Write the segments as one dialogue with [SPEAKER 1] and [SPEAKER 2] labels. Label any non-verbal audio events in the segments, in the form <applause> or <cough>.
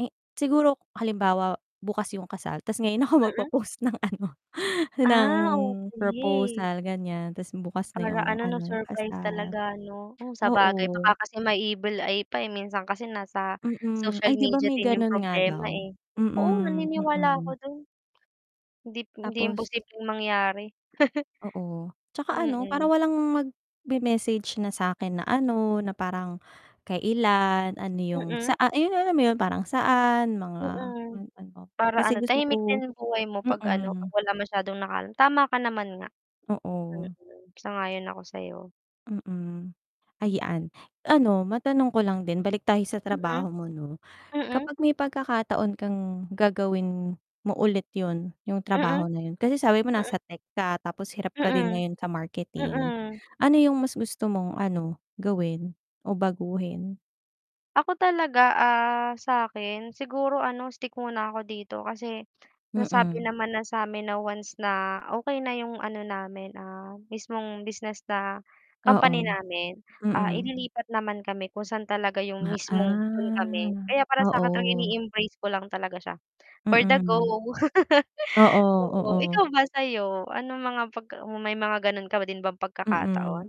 [SPEAKER 1] Eh, siguro halimbawa bukas yung kasal tas ngayon ako
[SPEAKER 2] Mm.
[SPEAKER 1] magpo-post ng ano ng
[SPEAKER 2] Ah, okey.
[SPEAKER 1] proposal, ganyan tas bukas na
[SPEAKER 2] Para
[SPEAKER 1] yung
[SPEAKER 2] ano 'no
[SPEAKER 1] ano yung
[SPEAKER 2] surprise
[SPEAKER 1] kasal,
[SPEAKER 2] talaga 'no? Oh, sabagay baka
[SPEAKER 1] oo.
[SPEAKER 2] kasi may evil eye pa eh, minsan kasi nasa
[SPEAKER 1] Mm,
[SPEAKER 2] social
[SPEAKER 1] ay 'di ba
[SPEAKER 2] media
[SPEAKER 1] may
[SPEAKER 2] din yung
[SPEAKER 1] ganun nga
[SPEAKER 2] problema
[SPEAKER 1] daw,
[SPEAKER 2] eh. Oo,
[SPEAKER 1] mm,
[SPEAKER 2] naniniwala ako
[SPEAKER 1] mm.
[SPEAKER 2] dun. Hindi hindi
[SPEAKER 1] Tapos
[SPEAKER 2] imposibleng mangyari. <chuckles>
[SPEAKER 1] Oo, tsaka ano parang
[SPEAKER 2] Mm.
[SPEAKER 1] walang magme-message na sa'kin na ano na parang kailan, ano yung
[SPEAKER 2] Mm.
[SPEAKER 1] saa ayun yung alam mo yun parang saan mga
[SPEAKER 2] Mm,
[SPEAKER 1] yung ano,
[SPEAKER 2] para
[SPEAKER 1] kasi
[SPEAKER 2] ano
[SPEAKER 1] gusto ko,
[SPEAKER 2] tahimik din yung buhay mo pag ano pag
[SPEAKER 1] mm.
[SPEAKER 2] wala masyadong nakaalam, tama ka naman nga.
[SPEAKER 1] Oo.
[SPEAKER 2] Mm. Sang-ayon yun ako sa'yo.
[SPEAKER 1] Mm, ayan, ano matanong ko lang din balik tayo sa
[SPEAKER 2] Mm.
[SPEAKER 1] trabaho mo 'no.
[SPEAKER 2] Mm.
[SPEAKER 1] Kapag may pagkakataon kang gagawin mo ulit yun yung
[SPEAKER 2] Mm.
[SPEAKER 1] trabaho na yun, kasi sabi mo
[SPEAKER 2] Mm.
[SPEAKER 1] nasa tech ka tapos hirap ka din
[SPEAKER 2] Mm.
[SPEAKER 1] ngayon sa marketing
[SPEAKER 2] Mm.
[SPEAKER 1] ano yung mas gusto mong ano, gawin o baguhin?
[SPEAKER 2] Ako talaga, ah, sa akin siguro ano stick muna ako dito kasi nasabi
[SPEAKER 1] Mm.
[SPEAKER 2] naman na sa amin na once na okey na 'yong ano namin, ah, mismong business na company
[SPEAKER 1] Oo,
[SPEAKER 2] namin, ah,
[SPEAKER 1] mm.
[SPEAKER 2] ililipat naman kami kung saan talaga yung
[SPEAKER 1] Ma
[SPEAKER 2] mismong dun kami, kaya para
[SPEAKER 1] ah,
[SPEAKER 2] sa akin
[SPEAKER 1] oo.
[SPEAKER 2] ini-embrace ko lang talaga siya, for the go.
[SPEAKER 1] Mm.
[SPEAKER 2] <chuckles>
[SPEAKER 1] Oo,
[SPEAKER 2] Oo,
[SPEAKER 1] oo.
[SPEAKER 2] ikaw ba, sa'yo anong mga pagka may mga ganun ka din ba pagkakataon?
[SPEAKER 1] Mm.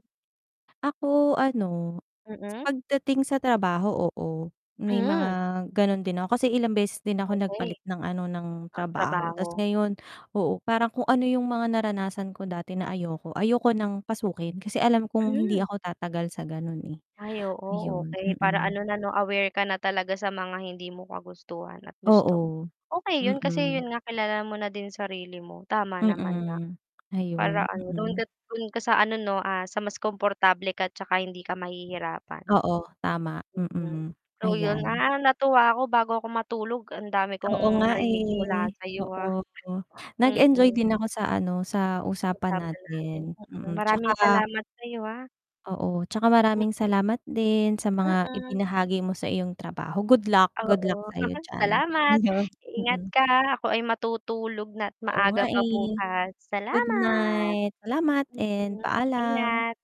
[SPEAKER 1] Ako ano,
[SPEAKER 2] Mm.
[SPEAKER 1] pagdating sa trabaho, oo, may mga
[SPEAKER 2] Hmm.
[SPEAKER 1] ganon din ako kasi ilang beses din ako
[SPEAKER 2] Okey.
[SPEAKER 1] nagpalit ng ano ng trabaho
[SPEAKER 2] Magtrabaho.
[SPEAKER 1] tapos ngayon, oo, parang kung ano yung mga naranasan ko dati na ayoko, ayoko ng pasukin kasi alam kong hindi
[SPEAKER 2] Hmm.
[SPEAKER 1] ako tatagal sa gano'n eh,
[SPEAKER 2] Ay oo,
[SPEAKER 1] 'yon,
[SPEAKER 2] okey. Para
[SPEAKER 1] mm.
[SPEAKER 2] ano na 'no aware ka na talaga sa mga hindi mo kagustuhan at gusto mo.
[SPEAKER 1] Oo,
[SPEAKER 2] Okay yun kasi
[SPEAKER 1] mm.
[SPEAKER 2] yun nga kilala mo na din sarili mo tama naman nga.
[SPEAKER 1] Mm,
[SPEAKER 2] Para
[SPEAKER 1] ayun,
[SPEAKER 2] ano dun ka
[SPEAKER 1] mm.
[SPEAKER 2] dun ka sa ano no, ah, sa mas komportable ka at tsaka hindi ka mahihirapan.
[SPEAKER 1] Oo, tama,
[SPEAKER 2] Mm.
[SPEAKER 1] mm,
[SPEAKER 2] So yun,
[SPEAKER 1] ayan.
[SPEAKER 2] ah, natuwa ako bago ako matulog ang dami
[SPEAKER 1] Oo
[SPEAKER 2] kong
[SPEAKER 1] nga
[SPEAKER 2] narinig mula
[SPEAKER 1] eh,
[SPEAKER 2] sa'yo ah,
[SPEAKER 1] oo, nag-enjoy
[SPEAKER 2] mm.
[SPEAKER 1] din ako sa ano, sa usapan
[SPEAKER 2] Pag-usapan natin,
[SPEAKER 1] natin,
[SPEAKER 2] mm,
[SPEAKER 1] mm,
[SPEAKER 2] maraming
[SPEAKER 1] tsaka
[SPEAKER 2] salamat sa'yo ah.
[SPEAKER 1] oo, tsaka
[SPEAKER 2] M
[SPEAKER 1] maraming salamat din sa mga
[SPEAKER 2] Mm.
[SPEAKER 1] ibinahagi mo sa iyong trabaho, good luck, good
[SPEAKER 2] Oo,
[SPEAKER 1] luck sa'yo
[SPEAKER 2] <chuckles>
[SPEAKER 1] diyan,
[SPEAKER 2] salamat,
[SPEAKER 1] 'yon,
[SPEAKER 2] ingat
[SPEAKER 1] mm.
[SPEAKER 2] ka ah. Ako ay matutulog na't
[SPEAKER 1] Oo nga
[SPEAKER 2] maaga pa
[SPEAKER 1] eh.
[SPEAKER 2] bukas,
[SPEAKER 1] Good
[SPEAKER 2] salamat.
[SPEAKER 1] night, salamat and
[SPEAKER 2] Mm,
[SPEAKER 1] paalam.
[SPEAKER 2] ingat.